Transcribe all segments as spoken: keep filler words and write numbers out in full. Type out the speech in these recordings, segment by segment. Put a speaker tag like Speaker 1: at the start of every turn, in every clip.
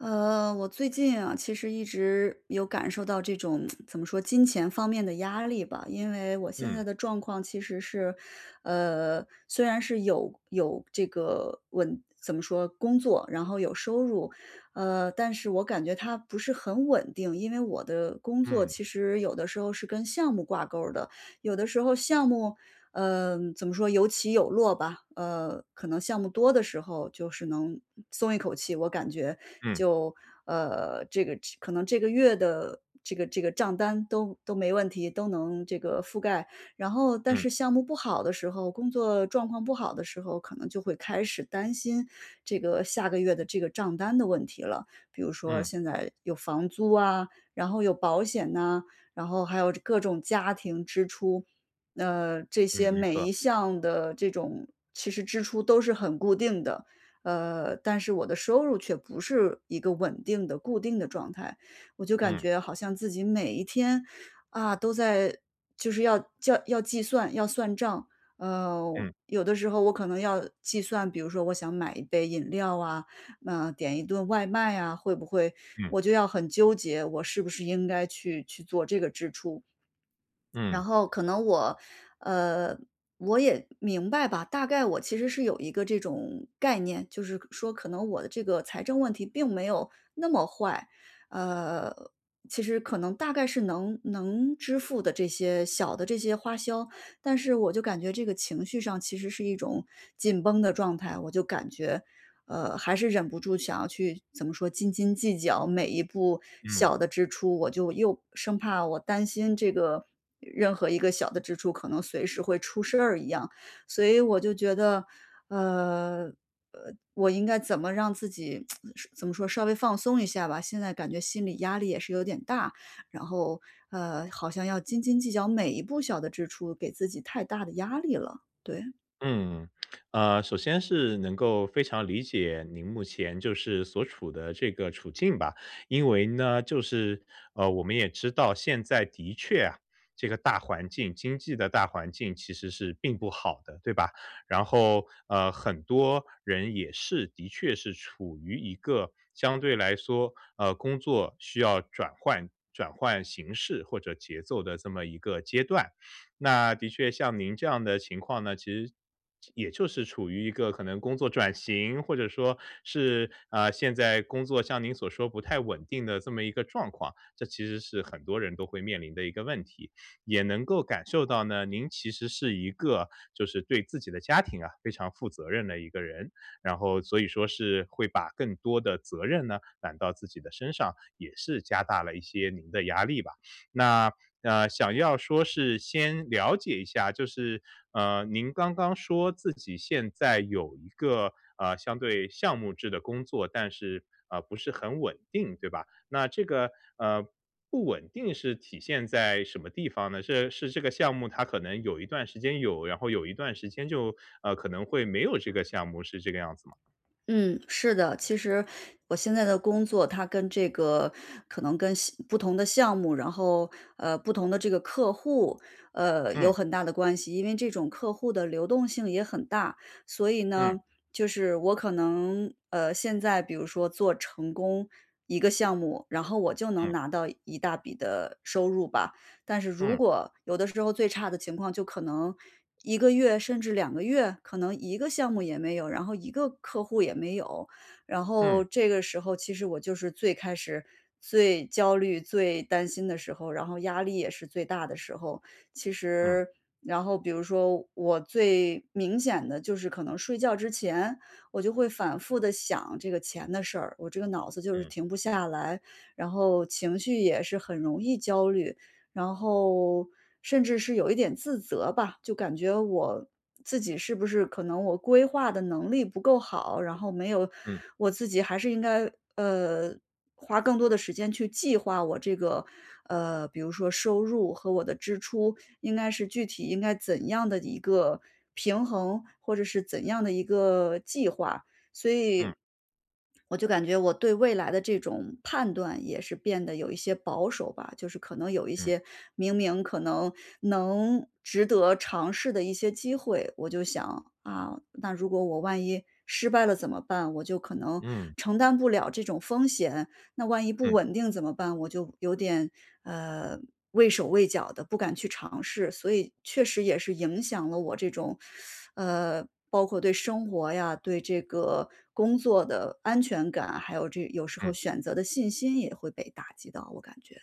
Speaker 1: 呃，我最近呀，其实一直有感受到这种 怎么说，金钱方面的压力吧。因为我现
Speaker 2: 嗯。
Speaker 1: 在的状况其实是呃，虽然是有有这个稳怎么说，工作，然后有收入，呃，但是我感觉它不是很稳定。因为我的工作
Speaker 2: 嗯。
Speaker 1: 其实有的时候是跟项目挂钩儿的，有的时候项目嗯，怎么说，有起有落吧。呃，可能项目多的时候就是能，呃，松一口气，我感觉
Speaker 2: 嗯。
Speaker 1: 就，呃，这个这可能这个月的这个这个账单都都没问题，都能这个覆盖。然后，但
Speaker 2: 嗯。
Speaker 1: 是项目不好的时候，工作状况不好的时候，可能就会开始担心，这个下个月的这个账单的问题了。比如说
Speaker 2: 嗯。
Speaker 1: 现在有房租啊，然后有保险呐，然后还有这各种家庭支出，呃，这
Speaker 2: 嗯，
Speaker 1: 些
Speaker 2: 没
Speaker 1: 每
Speaker 2: 错。
Speaker 1: 一项的这种其实支出都是很固定的，呃，但是我的收入却不是一个稳定的固定的状态。我就感
Speaker 2: 嗯。
Speaker 1: 觉好像自己每一天，啊，都在就是要叫要计算、要算账。嗯，
Speaker 2: 嗯。
Speaker 1: 有的时候我可能要计算，比如说我想买一杯饮料啊，嗯，点一顿外卖呀，会不会
Speaker 2: 嗯。
Speaker 1: 我就要很纠结，我是不是应该去去做这个支出。
Speaker 2: 嗯。
Speaker 1: 然后可能我呃，我也明白吧，大概我其实是有一个这种概念，就是可说可能我的这个财政问题并没有那么坏，呃，其实可能大概是能能支付的这些小的这些花销。但是我就感觉这个情绪上其实是一种紧绷的状态，我就感觉，呃，还是忍不住想要去怎么说，斤斤计较每一步
Speaker 2: 嗯。
Speaker 1: 小的支出，我就又生怕我担心这个任何一个小的支出可能随时会出事儿一样。所以我就觉得，呃，呃，我应该怎么让自己 说怎么说，稍微放松一下吧，现在感觉心理压力也是有点大。然后，呃，好像要斤斤计较每一步小的支出，给自己太大的压力了，对。
Speaker 2: 嗯，呃，首先是能够非常理解您目前就是所处的这个处境吧。因为呢，就是，呃，我们也知道现在的确啊，这个大环境经济的大环境其实是并不好的，对吧？然后，呃，很多人也是的确是处于一个相对来说，呃，工作需要转换转换形式或者节奏的这么一个阶段。那的确像您这样的情况呢，其实也就是处于一个可能工作转型，或者说是，啊，现在工作像您所说，不太稳定的这么一个状况。这其实是很多人都会面临的一个问题，也能够感受到呢，您其实是一个，就是对自己的家庭啊非常负责任的一个人。然后，所以说是会把更多的责任呢，揽到自己的身上，也是加大了一些您的压力吧。那，呃，想要说是先了解一下，就是，呃，您刚刚说自己现在有一个，呃，相对项目制的工作，但是，呃，不是很稳定，对吧？那这个，呃，不稳定是体现在什么地方呢？是是这个项目，它可能有一段时间有，然后有一段时间就，呃，可能会没有这个项目，是这个样子吗？
Speaker 1: 嗯，是的，其实我现在的工作，它跟这个可能跟项不同的项目，然后，呃，不同的这个客户，呃，有
Speaker 2: 嗯。
Speaker 1: 很大的关系，因为这种客户的流动性也很大。所以
Speaker 2: 嗯。
Speaker 1: 呢，就是我可能，呃，现在比如说做成功一个项目，然后我就能
Speaker 2: 嗯。
Speaker 1: 拿到一大笔的，收入吧。但是如
Speaker 2: 嗯。
Speaker 1: 果有的时候最差的情况，就可能一个月甚至两个月，可能一个项目也没有，然后一个客户也没有。然后
Speaker 2: 嗯。
Speaker 1: 这个时候其实我就是最开始最焦虑、最担心的时候，然后压力也是最大的时候。其
Speaker 2: 嗯
Speaker 1: 实然后比如说，我最，明显的就是可能睡觉之前，我就会反复地想这个钱的事儿，我这个脑子就是
Speaker 2: 嗯。
Speaker 1: 停不下来。然后情绪也是很容易焦虑，然后，甚至是有一点自责吧。就感觉我自己是不是可能我规划的能力不够好，然后没有
Speaker 2: 嗯。
Speaker 1: 我自己还是应该，呃，花更多的时间去计划，我这个，呃，比如说收入和我的支出，应该是具体应该怎样的一个平衡，或者是怎样的一个计划。所
Speaker 2: 嗯。
Speaker 1: 以，我就感觉，我对未来的这种判断也是变得有一些保守吧。就是可能有一
Speaker 2: 嗯。
Speaker 1: 些，明明可能，能值得尝试的一些机会，我就想，啊，那如果我万一失败了怎么办，我就可能
Speaker 2: 嗯。
Speaker 1: 承担不了这种风险。那万一不
Speaker 2: 嗯。
Speaker 1: 稳定怎么办，我就有点，呃，畏手畏脚的，不敢去尝试。所以确实也是影响了我这种，呃，包括对生活呀、对这个工作的安全感，还有这有时候
Speaker 2: 嗯。
Speaker 1: 选择的信心也会被打击到，我感觉。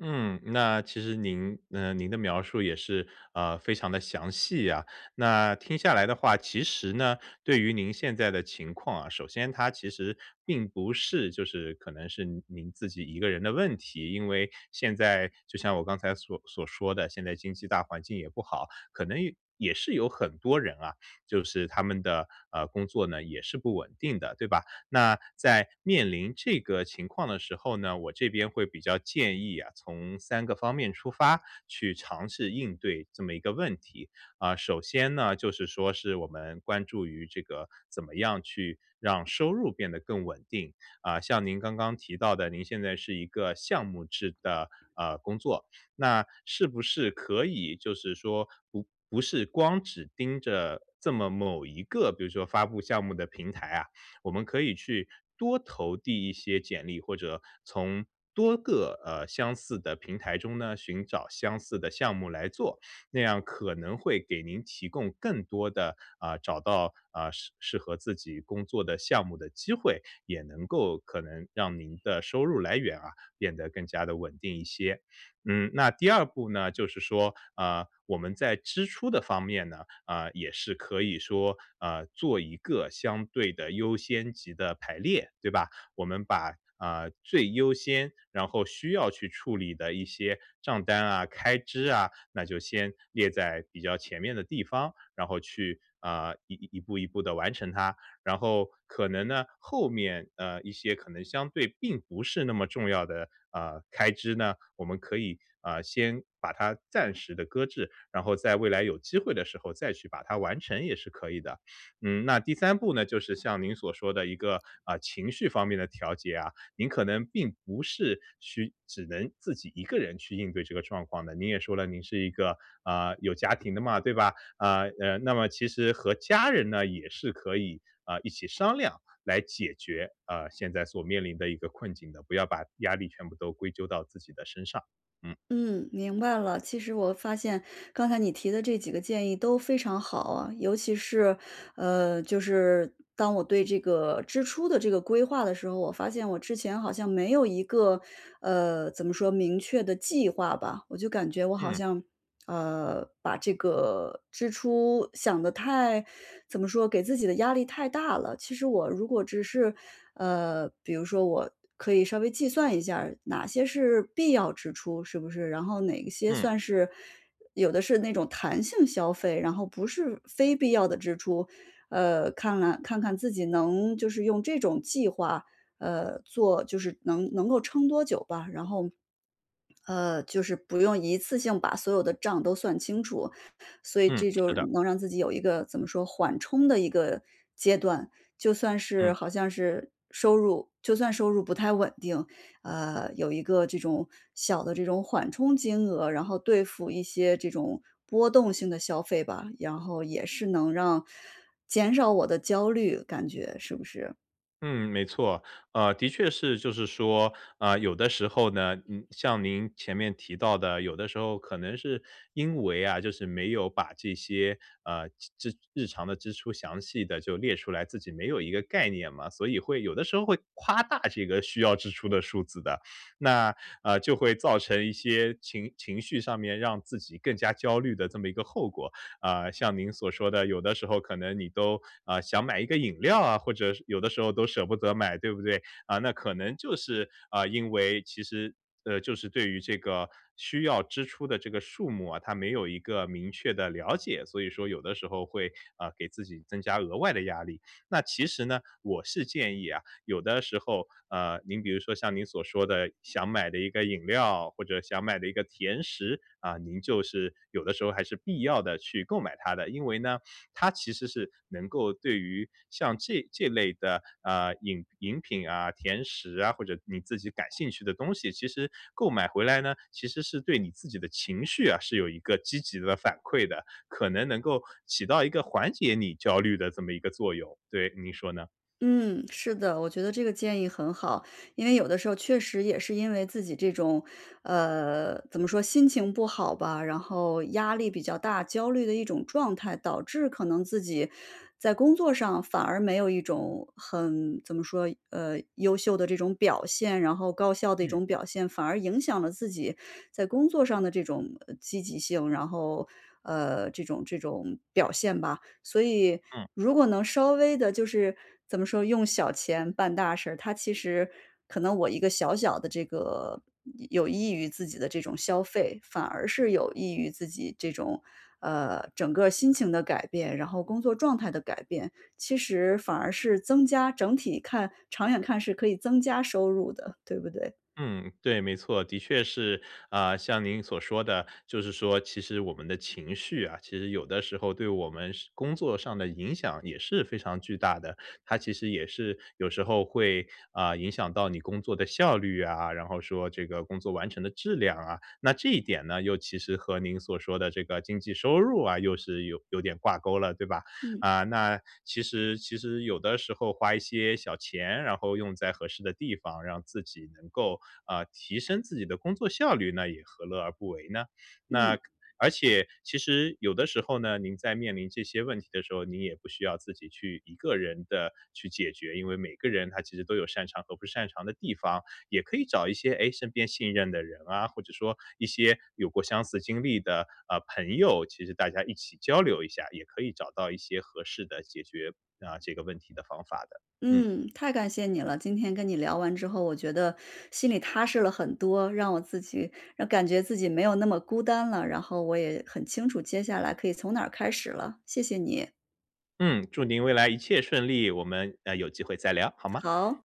Speaker 2: 嗯，那其实您，呃，您的描述也是，呃，非常地详细啊。那听下来的话，其实呢，对于您现在的情况啊，首先它其实并不是就是可能是您您自己一个人的问题。因为现在就像我刚才所所说的，现在经济大环境也不好，可能也也是有很多人啊，就是他们的，呃，工作呢，也是不稳定的，对吧？那在面临这个情况的时候呢，我这边会比较建议啊，从三个方面出发，去尝试应对这么一个问题。呃，首先呢，就是说是我们关注于这个怎么样去让收入变得更稳定。呃，像您刚刚提到的，您现在是一个项目制的，呃，工作。那是不是可以就是说，不不是光只盯着这么某一个比如说发布项目的平台啊，我们可以去多投递一些简历，或者从多个，呃，相似的平台中呢，寻找相似的项目来做。那样可能会给您提供更多的，呃，找到，呃，适适合自己工作的项目的机会。也能够可能让您的收入来源啊，变得更加地稳定一些。嗯，那第二步呢，就是说，呃，我们在支出的方面呢，呃，也是可以说，呃，做一个相对的优先级的排列，对吧？我们把，呃，最优先然后需要去处理的一些账单啊、开支啊，那就先列在比较前面的地方。然后去，呃，一一一步一步地完成它。然后可能呢，后面，呃，一些可能相对并不是那么重要的，呃，开支呢，我们可以，呃，先把它暂时地搁置。然后在未来有机会的时候，再去把它完成，也是可以的。嗯，那第三步呢，就是像您所说的一个，呃，情绪方面的调节啊，您可能并不是去只能自己一个人去应对这个状况的。您也说了，您是一个，呃，有家庭的嘛，对吧？呃，呃，那么其实和家人呢，也是可以，呃，一起商量来解决，呃，现在所面临的一个困境的，不要把压力全部都归咎到自己的身上，嗯。
Speaker 1: 嗯，明白了。其实我发现，刚才你提的这几个建议都非常好啊。尤其是，呃，就是当我对这个支出的这个规划的时候，我发现我之前好像没有一个呃，怎么说，明确的计划吧。我就感觉我好
Speaker 2: 嗯。
Speaker 1: 像，呃，把这个支出想得太怎么说，给自己的压力太大了。其实我如果只是呃，比如说我可以稍微计算一下儿，哪些是必要支出，是不是？然后哪些
Speaker 2: 嗯。
Speaker 1: 算是有的是那种弹性消费，然后不是非必要的支出。呃，看来看看自己能就是用这种计划，呃，做就是能能够撑多久吧。然后，呃，就是不用一次性把所有的账都算清楚。所以
Speaker 2: 嗯，
Speaker 1: 这就
Speaker 2: 是
Speaker 1: 是
Speaker 2: 的。
Speaker 1: 能让自己有一个怎么说，缓冲的一个阶段。就算是
Speaker 2: 嗯。
Speaker 1: 好像是收入就算收入不太稳定，呃，有一个这种小的这种缓冲金额，然后对付一些这种波动性的消费吧，然后也是能让减少我的焦虑感觉，是不是？
Speaker 2: 嗯，没错。呃，的确是就是说，呃，有的时候呢，嗯，像您前面提到的，有的时候可能是因为啊，就是没有把这些，呃，机支日常的支出详细地就列出来，自己没有一个概念嘛。所以会有的时候会夸大这个需要支出的数字的，那，呃，就会造成一些情情绪上面让自己更加焦虑的这么一个后果。呃，像您所说的，有的时候可能你都，呃，想买一个饮料啊，或者是有的时候都舍不得买，对不对？呃，那可能就是，呃，因为其实，呃，就是对于这个需要支出的这个数目啊，它没有一个明确的了解。所以说有的时候会，呃，给自己增加额外的压力。那其实呢，我是建议啊，有的时候，呃，您比如说像您所说的，想买的一个饮料，或者想买的一个甜食啊，您就是有的时候还是必要地去购买它的。因为呢，它其实是能够对于像这这类的，呃，饮饮品啊、甜食啊，或者你自己感兴趣的东西，其实购买回来呢，其实是对你自己的情绪啊，是有一个积极的反馈的，可能能够起到一个缓解你焦虑的这么一个作用。对，您说呢？
Speaker 1: 嗯，是的，我觉得这个建议很好。因为有的时候确实也是因为自己这种呃，怎么说，心情不好吧，然后压力比较大，焦虑的一种状态。导致可能自己，在工作上反而没有一种很怎么说呃，优秀的这种表现，然后高效的一
Speaker 2: 嗯。
Speaker 1: 种表现，反而影响了自己在工作上的这种，呃，积极性。然后，呃，这种这种表现吧。所以
Speaker 2: 嗯。
Speaker 1: 如果能稍微地就是怎么说，用小钱办大事，它其实可能我一个小小的这个，嗯有益于自己的这种消费，反而是有益于自己这种，呃，整个儿心情的改变，然后工作状态的改变。其实反而是增加整体看长远看是可以增加收入的，对不对。
Speaker 2: 嗯，对，没错，的确是。呃，像您所说的，就是说，其实我们的情绪啊，其实有的时候对我们是工作上的影响也是非常巨大的。它其实也是有时候会，呃，影响到你工作的效率啊，然后说这个工作完成的质量啊。那这一点呢又其实和您所说的这个经济收入啊又是有有点挂钩了，对吧。
Speaker 1: 嗯。
Speaker 2: 啊，那其实其实有的时候花一些小钱，然后用在合适的地方，让自己能够，啊，提升自己的工作效率，那也何乐而不为呢？那
Speaker 1: 嗯。
Speaker 2: 而且其实有的时候呢，您在面临这些问题的时候，您也不需要自己去一个人的去解决，因为每个人他其实都有擅长和不擅长的地方。也可以找一些，诶，身边信任的人啊，或者说一些有过相似经历的，啊，盆友，其实大家一起交流一下，也可以找到一些合适的解决啊，这个问题的方法的。嗯。
Speaker 1: 嗯，太感谢你了。今天跟你聊完之后，我觉得心里踏实了很多，让我自己感觉自己没有那么孤单了，然后我也很清楚接下来可以从哪儿开始了，谢谢你。
Speaker 2: 嗯，祝您未来一切顺利，我们，呃，有机会再聊，好吗？
Speaker 1: 好。